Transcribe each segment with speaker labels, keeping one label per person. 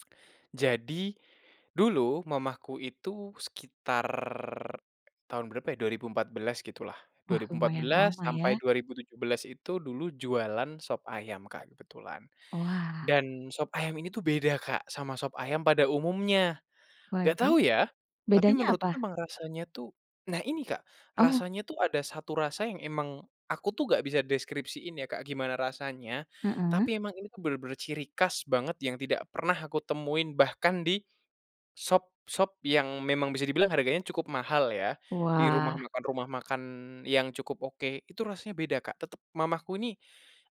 Speaker 1: Jadi, dulu mamaku itu sekitar tahun berapa ya 2014 gitulah dua
Speaker 2: Wah
Speaker 1: ribu empat
Speaker 2: lumayan
Speaker 1: belas
Speaker 2: lama
Speaker 1: sampai
Speaker 2: ya.
Speaker 1: 2017 itu dulu jualan sop ayam Kak kebetulan,
Speaker 2: Wah.
Speaker 1: dan sop ayam ini tuh beda Kak sama sop ayam pada umumnya, gak
Speaker 2: Waduh,
Speaker 1: tahu ya, tapi
Speaker 2: bedanya
Speaker 1: menurutku
Speaker 2: apa?
Speaker 1: emang rasanya tuh nah ini Kak
Speaker 2: Oh.
Speaker 1: rasanya tuh ada 1 rasa yang emang, aku tuh gak bisa deskripsiin ya Kak gimana rasanya
Speaker 2: Mhm.
Speaker 1: tapi emang ini tuh bener-bener ciri khas banget yang tidak pernah aku temuin bahkan di, sop sop yang memang bisa dibilang harganya cukup mahal ya di rumah
Speaker 2: Wah.
Speaker 1: makan rumah makan yang cukup oke itu rasanya beda Kak tetep mamaku nih,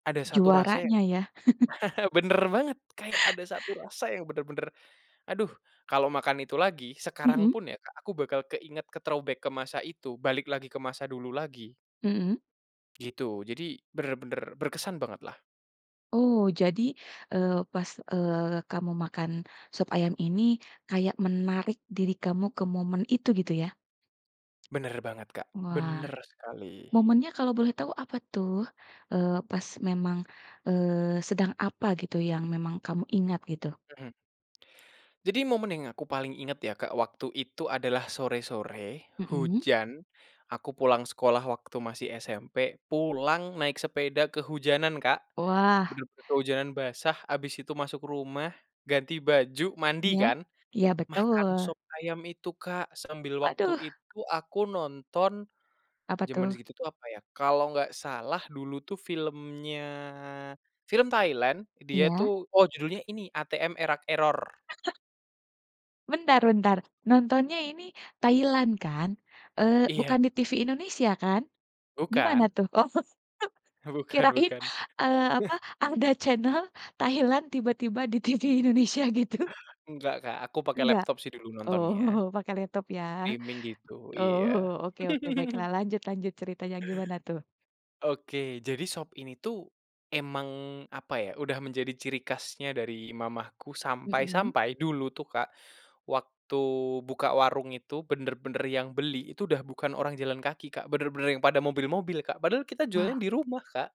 Speaker 1: ada 1 rasa yang
Speaker 2: Juaranya ya.
Speaker 1: bener banget kayak ada 1 rasa yang bener-bener, aduh kalau makan itu lagi sekarang
Speaker 2: Mhm.
Speaker 1: pun ya Kak aku bakal keinget ke-throwback ke masa itu balik lagi ke masa dulu lagi.
Speaker 2: Mhm.
Speaker 1: Gitu jadi bener-bener berkesan bangetlah.
Speaker 2: Oh jadi, eee, pas, eee, kamu makan sop ayam ini kayak menarik diri kamu ke momen itu gitu ya?
Speaker 1: Bener banget Kak
Speaker 2: Wah,
Speaker 1: bener sekali.
Speaker 2: momennya kalau boleh tahu apa tuh? Eee, pas memang, eee, sedang apa gitu yang memang kamu ingat gitu?
Speaker 1: Mhm. Jadi momen yang aku paling inget ya Kak waktu itu adalah sore-sore
Speaker 2: Mhm.
Speaker 1: hujan, aku pulang sekolah waktu masih SMP pulang naik sepeda kehujanan Kak,
Speaker 2: Wah.
Speaker 1: bener-bener kehujanan basah habis itu masuk rumah, ganti baju mandi
Speaker 2: Iya
Speaker 1: kan,
Speaker 2: iya
Speaker 1: makan
Speaker 2: betul.
Speaker 1: sop ayam itu Kak sambil waktu
Speaker 2: Waduh.
Speaker 1: itu aku nonton,
Speaker 2: Apa
Speaker 1: jaman
Speaker 2: tuh?
Speaker 1: segitu tuh apa ya kalau nggak salah dulu tuh filmnya film Thailand dia
Speaker 2: Iya.
Speaker 1: tuh oh judulnya ini ATM: Er Rak Error.
Speaker 2: Bentar bentar nontonnya ini Thailand kan? Eee,
Speaker 1: Iya.
Speaker 2: bukan di TV Indonesia kan? Gimana
Speaker 1: Bukan.
Speaker 2: tuh? Oh
Speaker 1: Bukan
Speaker 2: kirain,
Speaker 1: bukan.
Speaker 2: eee, apa ada channel Thailand tiba-tiba di TV Indonesia gitu.
Speaker 1: Nggak Kak aku pake
Speaker 2: Enggak?
Speaker 1: laptop sih dulu nontonnya.
Speaker 2: Oh pakai laptop ya,
Speaker 1: Streaming gitu
Speaker 2: oh
Speaker 1: iya.
Speaker 2: oke oke baiklah lanjut lanjut ceritanya gimana tuh?
Speaker 1: Oke jadi sop ini tuh, emang apa ya udah menjadi ciri khasnya dari mamaku
Speaker 2: Mhm.
Speaker 1: sampai-sampai dulu tuh Kak, waktu buka warung itu bener-bener yang beli itu udah bukan orang jalan kaki Kak bener-bener yang pada mobil-mobil Kak padahal kita jualan
Speaker 2: Wah.
Speaker 1: di rumah, Kak.